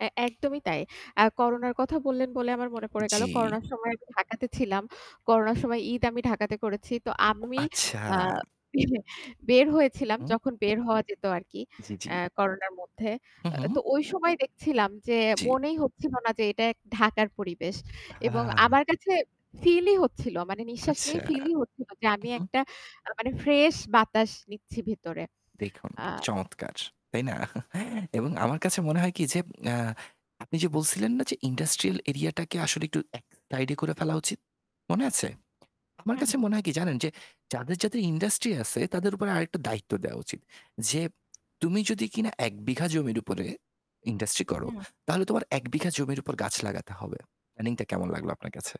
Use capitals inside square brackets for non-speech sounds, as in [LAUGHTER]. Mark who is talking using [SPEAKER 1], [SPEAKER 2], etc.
[SPEAKER 1] অ্যা একদমই তাই। আর করোনার কথা বললেন বলে আমার মনে পড়ে গেল,
[SPEAKER 2] জি।
[SPEAKER 1] করোনার সময় আমি ঢাকাতে ছিলাম। করোনার সময় ঈদ আমি ঢাকাতে করেছি। তো,
[SPEAKER 2] ও,
[SPEAKER 1] আমি
[SPEAKER 2] আচ্ছা।
[SPEAKER 1] আ [CLEARS THROAT] বের
[SPEAKER 2] হু,
[SPEAKER 1] হয়েছিলাম
[SPEAKER 2] হুম।
[SPEAKER 1] যখন বের হওয়া যেত আরকি,
[SPEAKER 2] জ্বী, জ্বী।
[SPEAKER 1] আ করোনার মধ্যে।
[SPEAKER 2] হুম, হুম।
[SPEAKER 1] তো ওই সময় দেখছিলাম যে,
[SPEAKER 2] জ্বী।
[SPEAKER 1] মনেই হচ্ছিল না যে এটা ঢাকার পরিবেশ এবং
[SPEAKER 2] আ
[SPEAKER 1] আমার কাছে, ফিল-ই হচ্ছিল মানে, নিশ্বাস
[SPEAKER 2] আচ্ছা,
[SPEAKER 1] নেই ফিল-ই হচ্ছিল, যে
[SPEAKER 2] হু,
[SPEAKER 1] আমি
[SPEAKER 2] হুম।
[SPEAKER 1] একটা মানে ফ্রেশ বাতাস নিচ্ছি ভেতরে
[SPEAKER 2] দেখুন,
[SPEAKER 1] আ
[SPEAKER 2] চমৎকার! তাই না? এবং আমার কাছে মনে হয় কি যে আ আপনি যে, বলছিলেন না যে, ইন্ডাস্ট্রিয়াল এরিয়াটাকে আসলে এক সাইডে করে ফেলা উচিত, মনে
[SPEAKER 1] হু, হু
[SPEAKER 2] আছে? আমার
[SPEAKER 1] হুম,
[SPEAKER 2] কাছে
[SPEAKER 1] হুম।
[SPEAKER 2] মনে হয় কি জানেন যে যাদের, যাদের, ইন্ডাস্ট্রি আছে, তাদের উপরে আরেকটা দায়িত্ব দেওয়া উচিত। যে, তুমি যদি কিনা ১ বিঘা জমির উপরে ইন্ডাস্ট্রি করো,
[SPEAKER 1] হুম।
[SPEAKER 2] তাহলে তোমার ১ বিঘা জমির উপর গাছ লাগাতে হবে। প্ল্যানিং কেমন লাগলো আপনার কাছে?